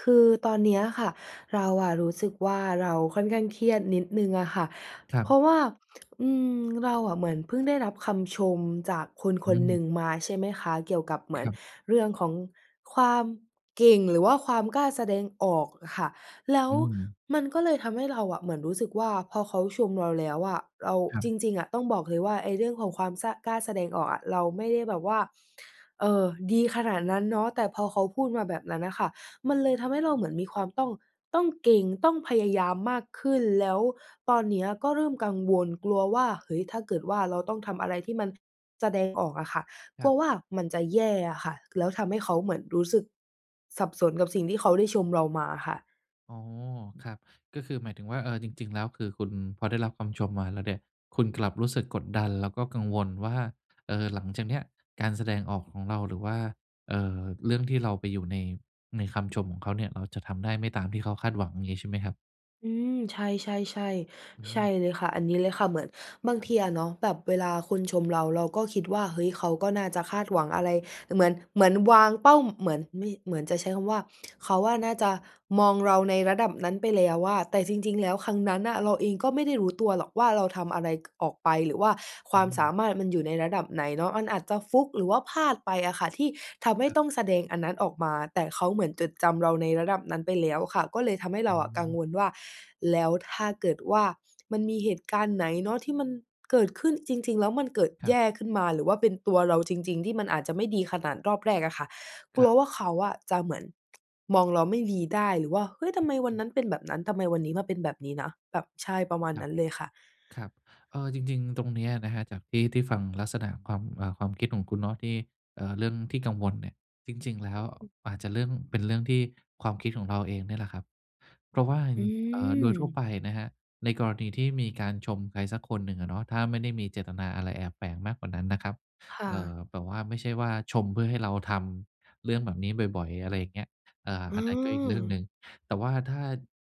คือตอนเนี้ยค่ะเรารู้สึกว่าเราค่อนข้างเครียดนิดหนึ่งอะค่ะ ครเัพรบ าะว่า อืม เราอะเหมือนเพิ่งได้รับคำชมจากคนคอนหนึืม ่งมาใช่ไหมคะ เกี่ยวกับครับ เรื่องของความเก่ง หรือว่าความกล้าแสดงออกอะค่ะ แล้วอืม มันก็เลยทำให้เรารู้สึกว่าพอเขาชมเราแล้วอะ เรา ครัจบ ริง ๆ ต้องบอกเลยว่าไอ้เรื่องของความ ส กล้าแสดงออกอะ เราไม่ได้แบบว่า เออ ดีขนาดนั้นเนาะ แต่พอเขาพูดมาแบบนั้นน่ะค่ะ มันเลยทำให้เราเหมือนมีความต้อง ต้องเก่ง ต้องพยายามมากขึ้น แล้วตอนเนี้ยก็เริ่มกังวล กลัวว่า เฮ้ย ถ้าเกิดว่าเราต้องทำอะไรที่มันแสดงออกอะค่ะ กคลรัับ วว่ามันจะแย่อะค่ะ แล้วทำให้เขาเหมือนรู้สึกสับสนกับสิ่งที่เขาได้ชมเรามาค่ะ อ๋อ ครับ ก็คือหมายถึงว่า เอ่อ จริง ๆ แล้ว คือคุณพอได้รับคำชมมาแล้วเนี่ยคุณกลับรู้สึกกดดัน แล้วก็กังวลว่า เออ หลังจากนี้การแสดงออกของเรา หรือว่า เอ่อ เรื่องที่เราไปอยู่ใน ในคำชมของเขาเนี่ย เราจะทำได้ไม่ตามที่เขาคาดหวัง อย่างงี้ใช่ไหมครับ? อืม ใช่ ๆ อๆ ใช่ืม เลยค่ะ อันนี้เลยค่ะ เหมือนบางครับ ทีอะเนาะแบบเวลาคนชมเรา เราก็คิดว่า เฮ้ย เขาก็น่าจะคาดหวังอะไร ด เหมือน เหมือนวางเป้า เหมือน ไม่ เหมือนจะใช้คำว่า เขาอะน่าจะมองเราในระดับนั้นไปแล้วอะ แต่จริง ๆ แลครับ ้ว ครั้งนั้นน่ะเราเองก็ไม่ได้รู้ตัวหรอกว่าเราทำอะไร ก ออกไป หรือว่าคอวืามสม ามารถมันอยู่ในระดับไหนเนาะ มันอาจจะฟลุก หรือว่าพลาดไปอะค่ะ ที่ทำให้ครับ ต้องแสดงอันนั้นออกมา แต่เขาเหมือนจดจำเราในระดับนั้นไปแล้วค่ะ ก็เลยทำให้เรอืาอะกังม วลว่า แล้วถ้าเกิดว่ามันมีเหตุการณ์ไหนเนาะที่มันเกิดขึ้นจริง ๆ แล้วมันเกิดคแรยับ ่ขึ้นมา หรือว่าเป็นตัวเราจริง ๆ ที่มันอาจจะไม่ดีขนาดรอบแรกอะค่ะ กคลรััวบ ว่าเขาอะจะเหมือน มองเราไม่ดีได้ หรือว่า "เฮ้ย! ทำไมวัอนือ นั้นเป็นแบบนั้น ทำไมวันนี้มาเป็นแบบนี้นะ? แบบ" ใช่ ประมาณครนัับ ้นเลยค่ะ ครับ เอ่อ จริง ๆ ตรงเนี้ยนะครับ จากที่ ที่ฟังลักษณะความ เอ่อ ความคิดของคุณเนาะ ที่ เอ่อ เรื่องที่กังวลเนี่ย จริง ๆ แล้วอืม อาจจะเรื่อง เป็นเรื่องที่ ความคิดของเราเองเนี่ยแหละครับ เพราะว่า อง ืเอ่อ โดยทั่วม ไปนะครับ ในกรณีที่มีการชมใครสักคนหนึ่งอะเนาะ ถ้าไม่ได้มีเจตนาอะไรแอบแฝงมากกว่านั้นนะครับ ค่เอ่อ ะ แบบว่าไม่ใช่ว่าชมเพื่อให้เราทำเรื่องแบบนี้บ่อย ๆ อะไรอย่างเงี้ย เอ่อ อือันนั้นก็อีกเรื่องหนม ึ่ง แต่ว่าถ้า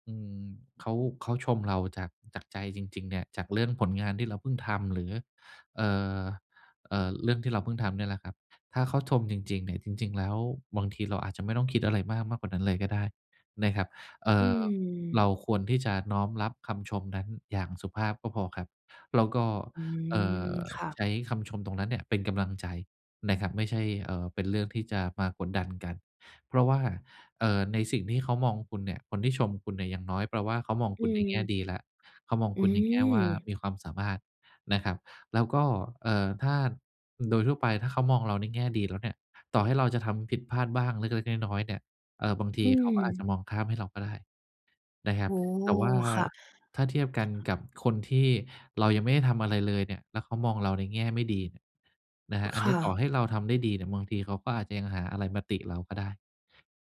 อืม เขา เขาชมเราจาก จากใจจริง ๆ เนี่ย จากเรื่องผลงานที่เราเพิ่งทำ หรือ เอ่อ เอ่อ เรื่องที่เราเพิ่งทำเนี่ยแหละครับ ถ้าเขาชมจริง ๆ นิ่ จริง ๆ แล้วบางทีเราอาจจะไม่ต้องคิดอะไรมาก มากกว่านั้นเลยก็ได้นะครับ เอ่อือ เรม าควรที่จะน้อมรับคำชมนั้นอย่างสุภาพก็พอครับ แล้วก็ อืเอ่ม อ ค่ะ ใช้คำชมตรงนั้นเนี่ยเป็นกำลังใจนะครับ ไม่ใช่ เอ่อ เป็นเรื่องที่จะมากดดันกัน เพราะว่า เอ่อ ในสิ่งที่เขามองคุณเนี่ย คนที่ชมคุณเนี่ย อย่างน้อยแปลว่าเขามองอคืุณในแง่ม ดีแล้ว เขามองอืคุณในแง่ว่าม มีความสามารถนะครับ แล้วก็ เอ่อ ถ้าโดยทั่วไปถ้าเขามองเราในแง่ดีแล้วเนี่ย ต่อให้เราจะทำผิดพลาดบ้างเล็ก ๆ น้อย ๆ เนี่ย เอ่อ บางทอีืเขาก็อาจจม ะมองข้ามให้เราก็ได้นะโอ้ครโับ ฮ แต่ว่าค่ะ ถ้าเทียบกันกับคนที่เรายังไม่ได้ทำอะไรเลยเนี่ย แล้วเขามองเราในแง่ไม่ดีเนี่ยนะครอ ับ อัคนนี่้ต่อใะ ห้เราทำได้ดีเนี่ย บางทีเขาก็อาจจะยังหาอะไรมาติเราก็ได้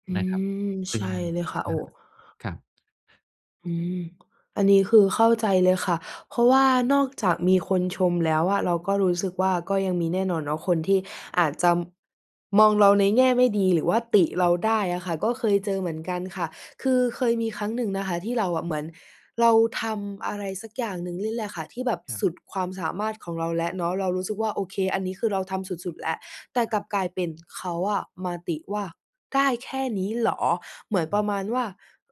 อืนะครับ ม ซใชึ่ง ่เลยค่ะ โอ้ [unintelligible] ครับ อืม อันนี้คือเข้าใจเลยค่ะ เพราะว่านอกจากมีคนชมแล้วอะ เราก็รู้สึกว่าก็ยังมีแน่นอนเนาะ คนที่อาจจำ มองเราในแง่ไม่ดี หรือว่าติเครราับ ได้อะค่ะ ก็เคยเจอเหมือนกันค่ะ คือเคยมีครั้งหนึ่งนะคะ ที่เราอะ เหมือนเราทำอะไร สักอย่างหนึ่งนี่แหละค่ะ ที่แบบครัสบ ุด ความสามารถของเราและเนาะ เรารู้สึกว่า โอเค อันนี้คือเราทำสุด ๆ แล้ว แต่คกรลับ ับกลายเป็น เขาอะมาติว่า "ได้แค่นี้เหรอ?" เหมือนปครรัะบ มาณว่า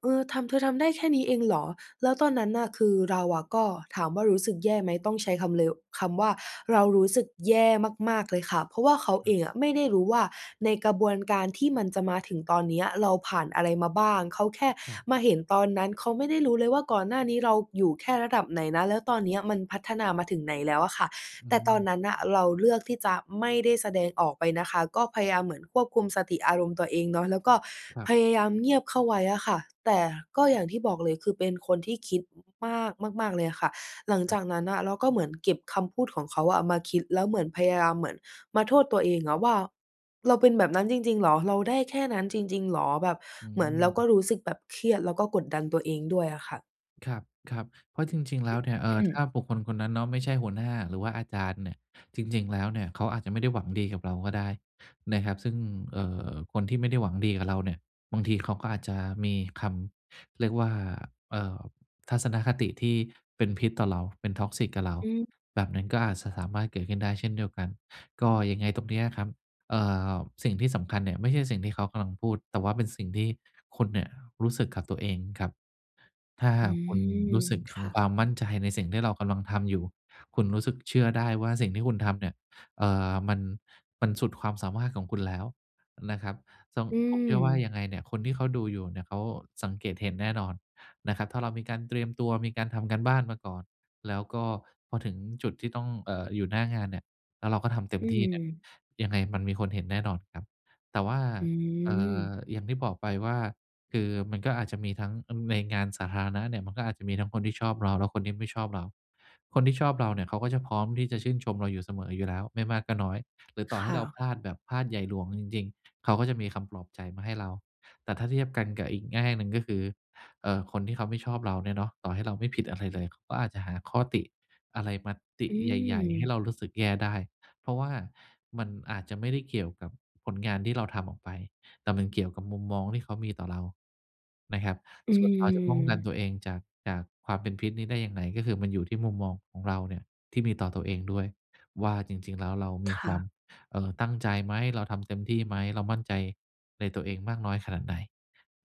"เออ ทำ เธอทำได้แค่นี้เองเหรอ?" แล้วตอนนั้นน่ะ คือเราอะก็ ถามว่าเรารู้สึกแย่ไหม ต้องใช้คำเลว คำว่าเรารู้สึกแย่มาก ๆ เลยค่ะ เพราะว่าเขาคเรอับ งอะไม่ได้รู้ว่า ในกระบวนการที่มันจะมาถึงตอนเนี้ย เราผ่านอะไร มาบ้าง เขาแค่ครับ มาเห็นตอนนั้น เขาไม่ได้รู้เลยว่าก่อนหน้านี้เราอยู่แค่ระดับไหนนะ แล้วตอนเนี้ยมันพัฒนามาถึงไหนแล้วอะค่ะ อแต่ตอนืม นั้นน่ะเราเลือกที่จะไม่ได้แสดงออกไปนะค่ะ ก็พยายามเหมือนควบคุมสติอารมณ์ตัวเองเนาะ แล้วก็ครับ พยายามเงียบเข้าไว้อะค่ะ แต่ก็อย่างที่บอกเลย คือเป็นคนที่คิด อ มาก มาก ๆ เลยอะค่ะ หลังคจรับ ากนั้นน่ะ เราก็เหมือนเก็บคำพูดของเขาอะเอามาคิด แล้วเหมือนพยายาม เหมือนมาโทษตัวเองอะว่า "เราเป็นแบบ นั้นจริง ๆ เหรอ? เราได้แค่นั้นจริง ๆ เหรอ?" แบบอเหมือนเราก็ืม รู้สึกแบบเครียด แล้วก็กดดันตัวเองด้วยอะค่ะ ครับ ครับ เพราะจริง ๆ แล้วเนี่ย เอ่ออ ืถม ้าบุคคลคนนั้นเนาะไม่ใช่หัวหน้า หรือว่าอาจารย์เนี่ย จริง ๆ แล้วเนี่ย เขาอาจจะไม่ได้หวังดีกับเราก็ได้นะครับ ซึ่ง เอ่อ คนที่ไม่ได้หวังดีกับเราเนี่ย บางทีเขาก็อาจจะมีคำ เรียกว่า เอ่อ ทัศนคติที่เป็นพิษต่อเรา เป็น toxic กับเรา อืแบบนั้ม นก็อาจจะสามารถเกิดขึ้นได้เช่นเดียวกัน ก็ยังไงตรงนี้ครับ เอ่อ สิ่งที่สำคัญเนี่ยไม่ใช่สิ่งที่เขากำลังพูด แต่ว่าเป็นสิ่งที่ คุณเนี่ยรู้สึกกับตัวเองครับ ถ้าหอืากคุณม รู้สึกถคึง่ความะ มั่นใจในสิ่งที่เรากำลังทำอยู่ คุณรู้สึกเชื่อได้ว่าสิ่งที่คุณทำเนี่ย เอ่อ มัน มันสุดความสามารถของคุณแล้วนะครับ ต้อง อืผมเชื่อว่าม ยังไงเนี่ยคนที่เขาดูอยู่เนี่ยเขาสังเกตเห็นแน่นอนนะครับ ถ้าเรามีการเตรียมตัว มีการทำการบ้านมาก่อน แล้วก็พอถึงจุดที่ต้อง เอ่อ อยู่หน้างานเนี่ย แล้วเราก็ทำเต็อมืที่เนี่ย ม ยังไงมันมีคนเห็นแน่นอนครับ แต่ว่า อเอ่อ ืม อย่างที่บอกไปว่า คือมันก็อาจจะมีทั้ง อ ในงานสาธารณะเนี่ย มันก็อาจจะมีทั้งคนที่ชอบเรา และคนที่ไม่ชอบเรา คนที่ชอบเราเนี่ยเขาก็จะพร้อมที่จะชื่นชมเราอยู่เสมออยู่แล้ว ไม่มากก็น้อย หรือต่คอให้่เราะ พลาดแบบพลาดใหญ่หลวงจริง ๆ เขาก็จะมีคำปลอบใจมาให้เรา แต่ถ้าเทียบกันกับอีกแง่หนึ่งก็คือ เอ่อ คนที่เขาไม่ชอบเราเนี่ยเนาะ ต่อให้เราไม่ผิดอะไรเลย ก็อาจจะหาข้อติอะไรมาติอืใหญ่ ๆ ให้ม เรารู้สึกแย่ได้ เพราะว่ามันอาจจะไม่ได้เกี่ยวกับผลงาน ที่เราทำออกไป แต่มันเกี่ยวกับมุมมองที่เขามีต่อเรานะครับ อืส่วนเราจะป้องกันม ตัวเองจาก จากความเป็นพิษนี้ได้ยังไง ก็คือมันอยู่ที่มุมมองของเราเนี่ยที่มีต่อตัวเองด้วยว่าจริง ๆ แล้วเรามคีค่วะ าม เอ่อ ตั้งใจไหม เราทำเต็มที่ไหม เรามั่นใจในตัวเองมากน้อยขนาดไหน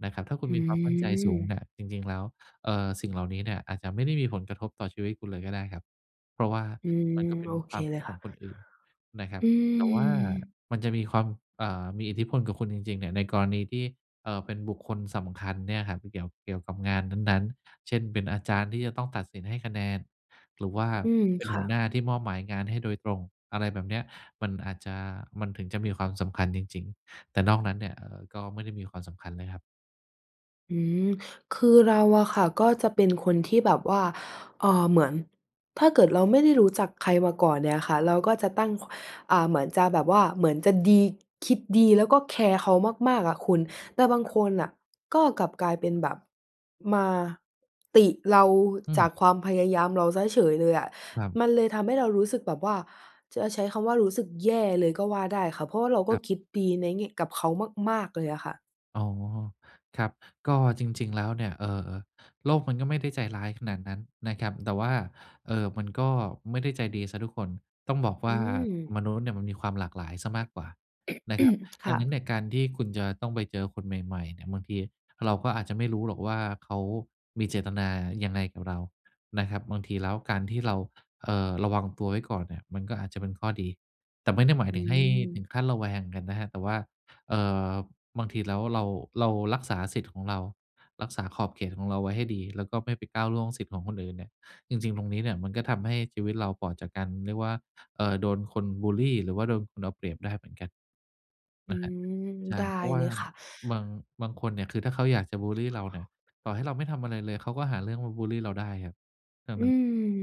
นะครับ ถ้าคุณอืมีความมั่นใจสูงเม นี่ย จริง ๆ แล้ว เอ่อ สิ่งเหล่านี้เนี่ยอาจจะไม่ได้มีผลกระทบต่อชีวิตคุณเลยก็ได้ครับ เพราะว่าอืม มันก็เป็โนอคเความเคลิยดคข่อะ งคนอื่นนะครัอบ ืแต่ว่าม มันจะมีความ เอ่อ มีอิทธิพลกับคุณจริง ๆ เนี่ย ในกรณีที่ เอ่อ เป็นบุคคลสำคัญเนี่ยครับ เกี่ยว เกี่ยวกับงานนั้น ๆ เช่น เป็นอาจารย์ที่จะต้องตัดสินให้คะแนน หรือว่าอืม เป็นคห่ัวหน้ะ าที่มอบหมายงานให้โดยตรง อะไรแบบเนี้ย มันอาจจะ มันถึงจะมีความสำคัญจริง ๆ แต่นอกนั้นเนี่ย เอ่อ ก็ไม่ได้มีความสำคัญเลยครับ อือ คือเราอะค่ะ ก็จะ เป็นคนที่แบบว่า เอ่อ เหมือน ถ้าเกิดเราไม่ได้รู้จักใครมาก่อน เนี่ยค่ะ เราก็จะตั้ง ค อ่า เหมือนจะแบบว่าเหมือนจะดี คิดดี แล้วก็แคร์เขามาก ๆ อะคุณ แต่บางครัคบ นน่ะ ก็กลับกลายเป็นแบบมาติเราอืจากม ความพยายามเราเสียเฉยเลยอะ ครับ มันเลยทำให้เรารู้สึกแบบว่า จะใช้คำว่ารู้สึกแย่เลยก็ว่าได้ค่ะ เพราะว่าเราก็คครับ ิดดีในแง่ กับเขามาก ๆ เลยอะค่ะ อ๋อ ครับ ก็จริง ๆ แล้วเนี่ย เอ่อ โลกมันก็ไม่ได้ใจร้ายขนาดนั้นนะครับ แต่ว่า เอ่อ มันก็ไม่ได้ใจดีเสียทุกคน ต้องบอกวอื่าม มนุษย์เนี่ยมันมีความหลากหลายเสียมากกว่านะครับ คดั่งะ นั้นเนี่ยการที่คุณจะต้องไปเจอคนใหม่ ๆ เนี่ย บางทีเราก็อาจจะไม่รู้หรอกว่าเขามีเจตนายังไงกับเรานะครับ บางทีแล้วการที่เรา เอ่อ ระวังตัวไว้ก่อนเนี่ยมัน ก็อาจจะเป็นข้อดี แต่ไม่ได้หมายอืถึงให้ถึงม ขั้นระแวงกันนะครับ แต่ว่า เอ่อ บางทีแล้วเรา เรารักษาสิทธิ์ของเรา รักษาขอบเขตของเราไว้ให้ดี แล้วก็ไม่ไปก้าวล่วงสิทธิ์ของคนอื่นเนี่ย จริง ๆ ตรงนี้เนี่ย มันก็ทำให้ชีวิตเราปลอดจากการ เรียกว่า เอ่อ โดนคนบุลลีหรือว่าโดนคนเอาเปรียบได้เหมือนกัน อืนะครับ อ ใช่ ได้เพราะว่เลายค่ะ บาง บางคนเนี่ย คือถ้าเขาอยากจะบุลลีเราเนี่ย ต่อให้เราไม่ทำอะไรเลยเขาก็หาเรื่องมาบุลลีเราได้ครับ ดังอืนั้น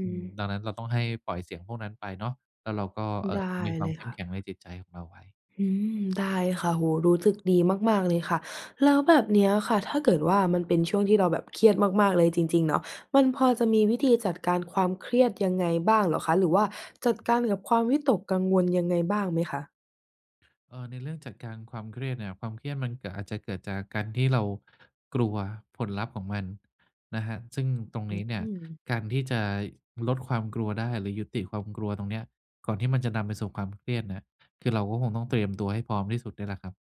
อือ ดังนั้นเราต้องให้ ปล่อยเสียงพวกนั้นไปเนาะ แล้วเราก็ เอไ่ด้อ มีควเาลมยเขค้ม่แะ ข็งในจิตใจของเราไว้ อืม ได้ค่ะ โอ้โฮ รู้สึกดีมาก ๆ เลยค่ะ แล้วแบบนี้ค่ะ ถ้า เกิดว่ามันเป็นช่วงที่เราแบบเครียดมาก ๆ เลยจริง ๆ เนาะ มันพอจะมีวิธีจัดการความเครียดยังไงบ้างเหรอคะ หรือว่าจัดการกับความวิตกกังวลยังไงบ้างไหมคะ? เอ่อ ในเรื่องจัดการความเครียดเนี่ย ความเครียดมัน ก อาจจะเกิดจากการที่เรา กลัวผลลัพธ์ของมันนะครับ ซึ่ง ตรงอืนี้เนี่ยอ การที่จะลดความกลัวได้ หรือยุติความกลัวตรงนี้ก่อนที่มันจะนำไปสู่ความเครียดเนี่ย คือเราก็คงต้องเตรียมตัวให้พร้อมที่สุดเนี่ยแหละครับ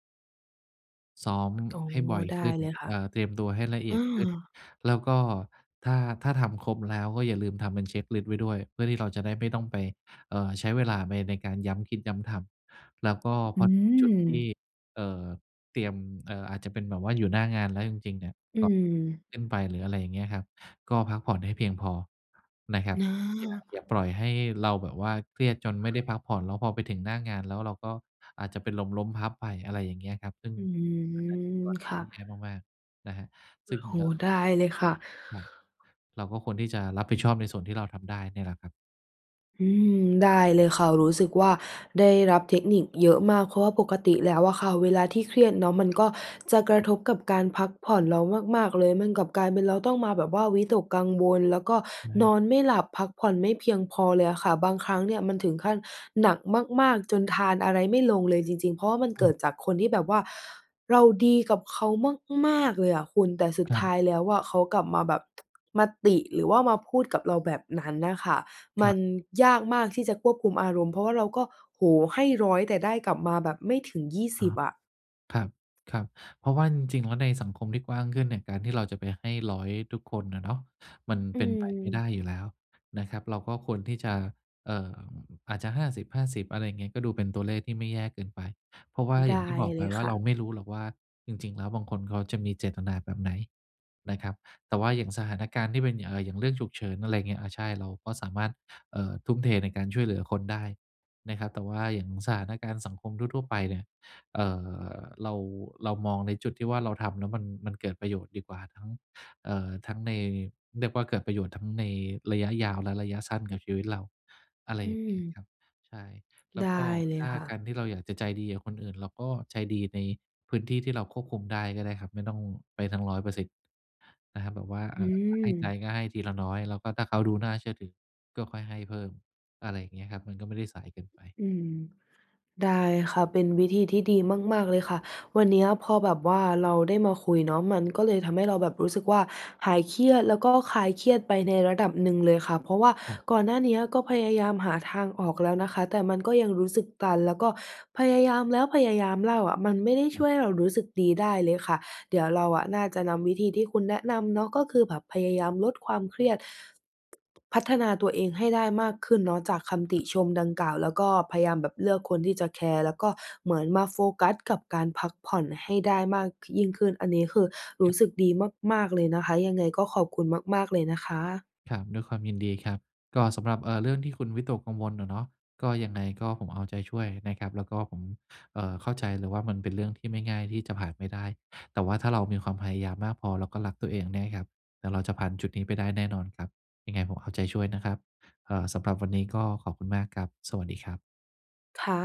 ซ้อมอ๋อ ให้บ่อยได้ขึ้น เลยค่เอะ ่อ เตรียมตัวให้ละเออีืยดขม ึ้น แล้วก็ถ้า ถ้าทำครบแล้วก็อย่าลืมทำเป็นเช็กลิสต์ไว้ด้วย เพื่อที่เราจะได้ไม่ต้องไป เอ่อ ใช้เวลาในการย้ำคิดย้ำทำ แล้วก็อพือถึงจุดที่ อ เอ่อ เตรียม เอ่อ อาจจะเป็นแบบว่าอยู่หน้างาน แล้วจริง ๆ เนี่ย อืก อ ขึ้นไป หรืออะไรอย่างเงี้ยครับ ก็พักผ่อนให้เพียงพอนะครับ ออย่า อา ย่าปล่อยให้เราแบบว่าเครียดจนไม่ได้พักผ่อน แล้วพอไปถึง หน้างานแล้วเราก็อาจจะเป็นลมล้มพับไป อะไรอย่างเงี้ยครับ ซึ่งอือันนั้นคือกอ รณคี่ทะ ี่แย่มาก ๆ นะครับ โซอึ้่ง โฮ เอ่อ ได้เลยค่ะ ครับ เราก็ควรที่จะรับผิดชอบในส่วนที่เราทำได้เนี่ยแหละครับ อืม ได้เลยค่ะ รู้สึกว่าได้ รับเทคนิคเยอะมาก เพราะว่าปกติแล้วอะค่ะ เวลาที่เครียดเนาะ มันก็ จะกระอือ ทบกับการพักผ่อนเรามาก ๆ เลยกับกลายเป็นเราต้องมาแบบว่าวิตกกังวล แล้วก็ใชน่ อนไม่หลับพักผ่อนไม่เพียงพอเลยอะค่ะ บางครั้งเนี่ยมันถึงขั้นหนักมาก ๆ จนทานอะไรไม่ลงเลยจริง ๆ เพราะว่ามันอเกือ ิดจากคนที่แบบว่า เราดีกับเขามาก ๆ เลยอะคุณ แต่สุคดรัทบ ้ายแล้วเขากลับมาแบบ มาติ หรือว่ามาพูดกับเราแบบนั้นน่ะค่ะ มครัับ นยากมากที่จะควบคุมอารมณ์ เพราะว่าเราก็ โอ้โฮ! ให้ 100 แต่ได้กลับมาแบบไม่ถึง ยี่อส๋ิอ บ อะ ครับ ๆ เพราะว่าจริง ๆ แล้วในสังคมที่กว้างขึ้นเนี่ย การที่เราจะไปให้ 100 ทุกคนอะเนาะมันอืเป็นไปไม่อ ได้อยู่แล้วนะครับ เราก็ควรที่จะ เอ่อ อาจจะ 50:50 อะไรอย่างนี้ ก็ดูเป็นตัวเลขที่ไม่แย่เกินไป เพราะว่าไดอ้ย่างที่บอกเไลปยว่คา ่เราะ ไม่รู้หรอกว่าจริง ๆ แล้วบางคนเขาจะมีเจตนาแบบไหนนะครับ แต่ว่าอย่างสถานการณ์ที่เป็น อย่าง เอ่อ อย่างเรื่องฉุกเฉิน อะไรอย่างเงี้ย อา ใช่ เราก็สามารถ เอ่อ ทุ่มเทในการช่วยเหลือคนได้นะครับ แต่ว่าอย่างสถานการณ์สังคมทั่ว ๆ ไปเนี่ย เอ่อ เรา เรามองในจุดที่ว่าเราทำแล้วมัน มันเกิดประโยชน์ดีกว่า ทั้ง เอ่อ ทั้งใน เรียกว่าเกิดประโยชน์ทั้งในระยะยาวและระยะสั้นกับชีวิตเรา อะไรออย่างเงี้ยือ ครับ ใช่ แล้ไดวก้็เลถย้าค่กาะ รที่เราอยากจะใจดีกับคนอื่น เราก็ใจดีในพื้นที่ที่เราควบคุมได้ก็ได้ครับ ไม่ต้องไปทั้ง 100% นะครับ แบบว่า อเือ่อ ให้ใจอ ก็ให้ทีละน้อย แล้วก็ถ้าเขาดูน่าเชื่อถือก็ค่อยให้เพิ่ม อะไรอย่างเงี้ยครับ มันก็ไม่ได้สายเกินไป อือ ได้ค่ะ เป็นวิธีที่ดีมาก ๆ เลยค่ะ วันนี้พอแบบว่าเราได้มาคุยเนาะ มันก็เลยทำให้เราแบบรู้สึกว่าหายเครียด แล้วก็คลายเครียดไป ในระดับหนึ่งเลยค่ะ เพราะว่าครับ ก่อนหน้านี้ก็พยายามหาทางออกแล้วนะคะ แต่มันก็ยังรู้สึกตัน แล้วก็พยายามแล้วพยายามเล่าอะ มันไม่ได้ช่วยให้เรารู้สึกดีได้เลยค่ะ เดี๋ยวเราน่าจะนำวิธีที่คุณแนะนำเนาะ ก็คือแบบพยายามลดความเครียด พัฒนาตัวเองให้ได้มากขึ้นเนาะ จากคำตคิรับ ชมดังกล่าว แล้วก็พยายามแบบเลือกคนที่จะแคร์ แล้ว ก็เหมือนมาโฟกัสกับการพักผ่อนให้ได้มาก ค ยิ่งขึ้น อันนี้คือรูค้รับ สึกดีมาก ๆ เลยนะคะ ยังไงก็ขอบคุณมาก ๆ เลยนะคะ ครับ ด้วยความยินดีครับ ก็สำหรับ เอ่อ เรื่องที่คุณวิตกกังวลอะเนาะ ก็ยังไงก็ผมเอาใจช่วยนะครับ แล้วก็ผม เอ่อ เข้าใจเลยว่ามันเป็นเรื่องที่ไม่ง่ายที่จะผ่านไม่ได้ แต่ว่าถ้าเรามีความพยายามมากพอ แล้วก็รักตัวเองเนี่ยครับ เดี๋ยวเราจะผ่านจุดนี้ไปได้แน่นอนครับ ยังไงผมเอาใจช่วยนะครับ เอ่อ สำหรับวันนี้ ก็ขอบคุณมากครับ สวัสดีครับ ค่ะ